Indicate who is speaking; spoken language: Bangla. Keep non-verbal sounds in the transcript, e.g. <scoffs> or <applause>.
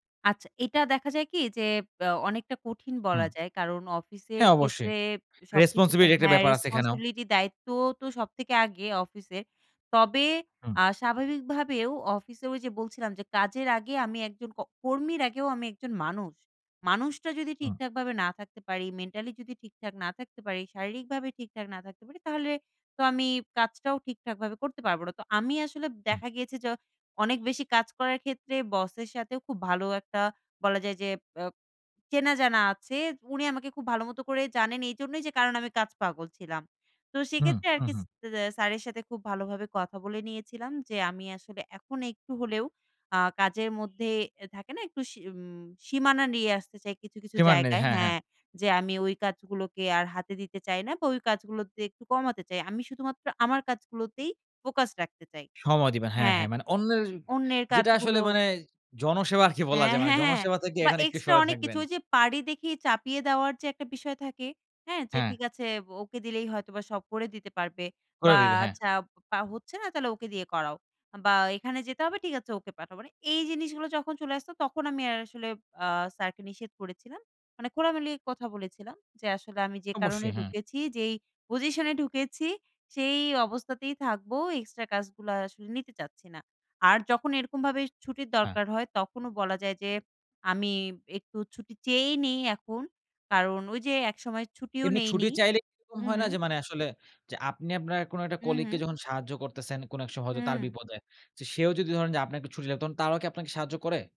Speaker 1: আচ্ছা এইটা দেখা যায় কি? যে ব্যা অনেকটা কঠিন
Speaker 2: হুম।
Speaker 1: বলা যায়। কারণ অফিসের
Speaker 2: হ্যাঁ, অবশ্যই।
Speaker 1: ক্ষেত্রে সবকিছুতে
Speaker 2: রেসপনসিবিলিটি র একটা
Speaker 1: হ্যাঁ,
Speaker 2: ব্যাপার আছে এখানেও।
Speaker 1: রেসপনসিবিলিটি দায়িত্ব তো সব থেকে আগে, অফিসের। তবে
Speaker 2: হুম।
Speaker 1: আ স্বাভাবিকভাবেও অফিসে ওইযে বলছিলাম যে, "কাজের আগে আমি একজন ক কর্মীর আগেও আমি একজন মানুষ। মানুষটা যদি
Speaker 2: হুম।
Speaker 1: ঠিকঠাকভাবে না থাকতে পারি, মেন্টালি যদি ঠিকঠাক না থাকতে পারি, শারীরিকভাবে ঠিকঠাক না থাকতে পারি তাহলে তো আমি কাজটাও ঠিকঠাকভাবে করতে পারবো না।" তো আমি আসলে
Speaker 2: হুম।
Speaker 1: দেখা গিয়েছে য অনেক বেশি কাজ করার ক্ষেত্রে বসের সাথেও খুব ভালো একটা বলা যায় যে অ্যা চেনা জানা আছে। উনি আমাকে খুব ভালো মতো করেই জানেন এইজন্যই যে কারণ আমি কাজ পাগল ছিলাম। তো
Speaker 2: হুম,
Speaker 1: সেক্ষেত্রে আর
Speaker 2: হুম,
Speaker 1: কিস
Speaker 2: হুম।
Speaker 1: দ্যা স্যারের সাথে খুব ভালোভাবে কথা বলে নিয়েছিলাম যে, "আমি আসলে এখন একটু হলেও আ কাজের মধ্যে" এ থাকে না? "একটু সী উম সীমানা নিয়ে আসতে চাই কিছু, কিছু
Speaker 2: সীমানা নি
Speaker 1: জায়গায়
Speaker 2: হ্যাঁ, হ্যাঁ।
Speaker 1: হ্যাঁ যে আমি ওই কাজগুলোকে আর হাতই দিতে চাই না বা, ওই কাজগুলোতে একটু কমাতে চাই। আমি শুধুমাত্র আমার কাজগুলোতেই ফোকাস রাখতে চাই।"
Speaker 2: সময় দিবেন। হ্যাঁ,
Speaker 1: হ্যাঁ।
Speaker 2: হ্যাঁ, মানে অন্যের
Speaker 1: অন্যের
Speaker 2: যেটা
Speaker 1: কাজগুলো
Speaker 2: আসলে মানে <scoffs> জনসেবা আরকি
Speaker 1: অ্যা
Speaker 2: বলা যায়, মানে
Speaker 1: হ্যাঁ, হ্যাঁ।
Speaker 2: জনসেবা থেকে
Speaker 1: বা
Speaker 2: এখানে একটু
Speaker 1: এক্সট্রা
Speaker 2: সরে
Speaker 1: অনেক কিছু
Speaker 2: থাকবেন।
Speaker 1: ওইযে পারি দেখে চাপিয়ে দেওয়ার যে একটা বিষয় থাকে, হ্যাঁ? যে,
Speaker 2: হ্যাঁ।
Speaker 1: "ঠিক আছে বো ওকে দিলেই হয়তোবা সব করে দিতে পারবে
Speaker 2: করে
Speaker 1: বা,
Speaker 2: দিবে। হ্যাঁ।
Speaker 1: আচ্ছা বা হচ্ছে না? তাহলে ওকে দিয়ে করাও। বা, এইখানে যেতে হবে, ঠিক আছে, ওকে পাঠাও।" মানে এই জিনিসগুলা যখন চলে আসতো, তখন আমি আর আসলে আ স্যারকে নিষেধ করেছিলাম। মানে খোলামেলা কথা বলেছিলাম যে, "আসলে আমি যে কারণে
Speaker 2: অবশ্যই, হ্যাঁ।
Speaker 1: ঢুকেছি, যেই পজিশনে ঢুকেছি, সেই অবস্থাতেই থাকবো। এক্সট্রা কাজগুলা আর আসলে নিতে চাচ্ছি না।" আর যখন এরকমভাবে ছুটির
Speaker 2: হ্যাঁ।
Speaker 1: দরকার হয়, তখনও বলা যায় যে আমি একটু ছুটি চেয়েই নিই এখন। কারণ ওইযে একসময় ছুটিও
Speaker 2: এমনি ছুটি
Speaker 1: নেইনি
Speaker 2: চাইলে এরকম
Speaker 1: হু,
Speaker 2: হয়
Speaker 1: হু।
Speaker 2: না? যে মানে আসলে যে আপনি আপনার কোন একটা
Speaker 1: হু,
Speaker 2: কলিগকে
Speaker 1: হু।
Speaker 2: যখন সাহায্য করতেছেন কোন এক স হয়তো তার
Speaker 1: হুম।
Speaker 2: বিপদে। চে সেও যদি ধরেন যে আপনাকে ছুটি লা তখন তারাও কি আপনাকে সাহায্য করে?